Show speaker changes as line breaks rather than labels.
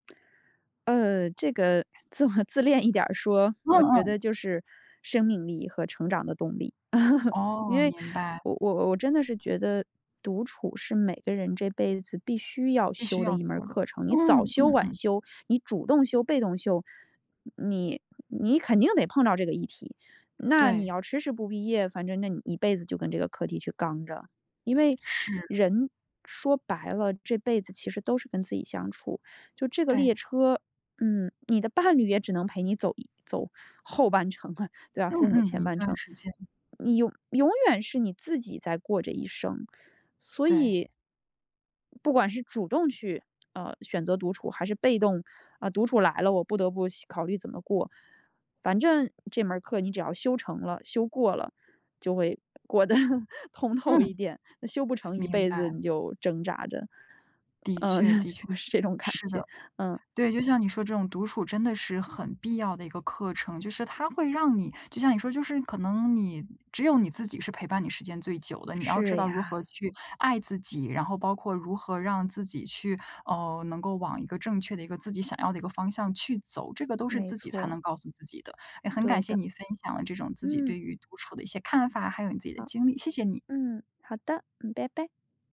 呃，这个自我自恋一点儿说，
嗯
我觉
嗯。
得就是生命力和成长的动力。因
哦，
为
明白。
我我我真的是觉得，独处是每个人这辈子必须要
必须
修的
要
一门儿
做的，
课程。你
嗯
早修
嗯
晚
嗯。
修，你主动修被动修。你你肯定得碰到这个议题，那你
对。
要迟迟不毕业，反正那你一辈子就跟这个课题去刚着。因为
是。
人，说白了，这辈子其实都是跟自己相处。就这个
对。
列车，嗯，你的伴侣也只能陪你走走后半程了，对吧，
嗯
父母
嗯，
前
一
半
段
程。
时间。
你永永远是你自己在过这一生，所
对。
以不管是主动去，呃，选择独处，还是被动，呃，独处来了，我不得不洗考虑怎么过。反正这门儿课你只要修成了，修过了，就会过得通透一
嗯。
点，修不成一
明
辈子
白。
你就挣扎着，
的
嗯，就
确
是
的
就
确，
是这种感
是
觉，
的。
嗯。
对，就像你说这种独处真的是很必要的一个课程。就是它会让你就像你说就是可能你只有你自己是陪伴你时间最久的。你要知
是
道如
呀。
何去爱自己，然后包括如何让自己去，呃，能够往一个正确的一个自己想要的一个方向去走，这个都是
没
自己
错
才
儿。
能告诉自己的。诶，很感
对
谢
的。
你分享了这种自己
嗯。
对于独处的一些看法，还有你自己的
好。
经历，谢谢你。
嗯，好的，嗯，拜拜。